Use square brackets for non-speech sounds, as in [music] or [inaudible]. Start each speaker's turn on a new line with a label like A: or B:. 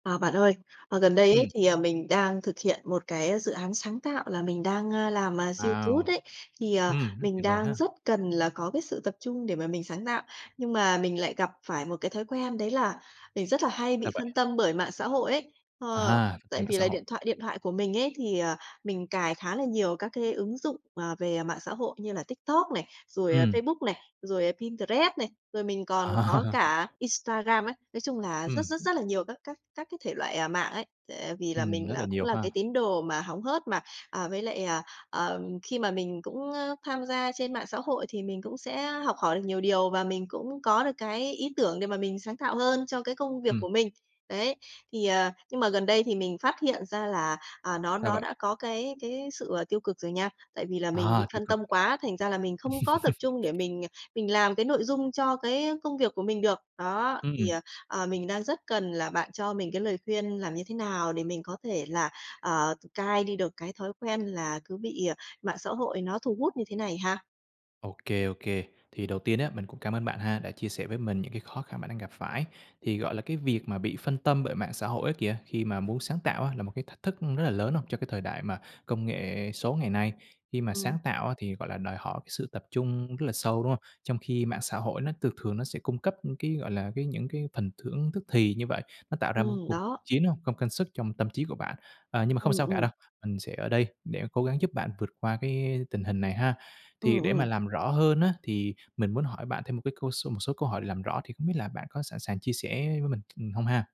A: À bạn ơi, ờ, gần đây ấy,
B: Ừm.
A: thì, ờ, mình đang thực hiện một cái dự án sáng tạo là mình đang làm YouTube
B: Ao,
A: ấy, thì, à,
B: ừm,
A: mình
B: tuyệt vời
A: đang
B: ha!
A: rất cần là có cái sự tập trung để mà mình sáng tạo. Nhưng mà mình lại gặp phải một cái thói quen đấy là mình rất là hay
B: Ra
A: bị
B: vậy.
A: phân tâm bởi mạng xã hội ấy.
B: À
A: Ờ,
B: ha, tại
A: tại
B: mạng
A: vì
B: xã
A: là
B: hội.
A: điện thoại điện thoại của mình ấy, thì mình cài khá là nhiều các cái ứng dụng, à, về mạng xã hội như là TikTok này, rồi
B: Ừm.
A: Facebook này, rồi Pinterest này, rồi mình còn có
B: [laughs]
A: cả Instagram ấy, nói chung là rất,
B: Ừm.
A: rất, rất là nhiều các các các cái thể loại, à, mạng ấy! Tệ vì là
B: Ừm,
A: mình
B: rất là
A: là cũng
B: nhiều
A: là
B: ha.
A: cái tín đồ mà hóng hớt mà, à, với lại, à, ờm, khi mà mình cũng tham gia trên mạng xã hội thì mình cũng sẽ học hỏi được nhiều điều và mình cũng có được cái ý tưởng để mà mình sáng tạo hơn cho cái công việc
B: Ừm.
A: của mình, đấy! Thì ờ, nhưng mà gần đây thì mình phát hiện ra là, à, nó
B: Sao
A: nó
B: vậy?
A: đã có cái cái sự, gọi là, tiêu cực rồi nha, tại vì là mình
B: À,
A: bị
B: tiêu
A: phân tâm
B: cực.
A: quá, thành ra là mình không có tập trung để
B: [laughs]
A: mình mình làm cái nội dung cho cái công việc của mình được. Đó, thì,
B: Ừm.
A: ờ, mình đang rất cần là bạn cho mình cái lời khuyên làm như thế nào để mình có thể là, ờ, t cai đi được cái thói quen là cứ bị mạng xã hội nó thu hút như thế này ha.
B: Ô kê, ô kê. Thì đầu tiên á, mình cũng cảm ơn bạn ha, đã chia sẻ với mình những cái khó khăn bạn đang gặp phải. Thì, gọi là, cái việc mà bị phân tâm bởi mạng xã hội á kìa, khi mà muốn sáng tạo á, là một cái thách thức rất là lớn, đúng không? Trong cái thời đại mà công nghệ số ngày nay, khi mà sáng
A: Ừm.
B: tạo á, thì, gọi là, đòi hỏi cái sự tập trung rất là sâu, đúng không? Trong khi mạng xã hội nó thường thường nó sẽ cung cấp cái, gọi là, cái những cái phần thưởng tức thì như vậy, nó tạo ra một cái
A: Ừm,
B: cuộc
A: đó!
B: chiến không không sức trong tâm trí của bạn. À, nhưng mà không
A: Ừm,
B: sao cả
A: ừm.
B: đâu, mình sẽ ở đây để cố gắng giúp bạn vượt qua cái tình hình này ha.
A: Ừm,
B: Thì để mà
A: ừm.
B: làm rõ hơn á, thì mình muốn hỏi bạn thêm một cái câu s một số câu hỏi để làm rõ thì không biết là bạn có sẵn sàng chia sẻ với mình ch không ha?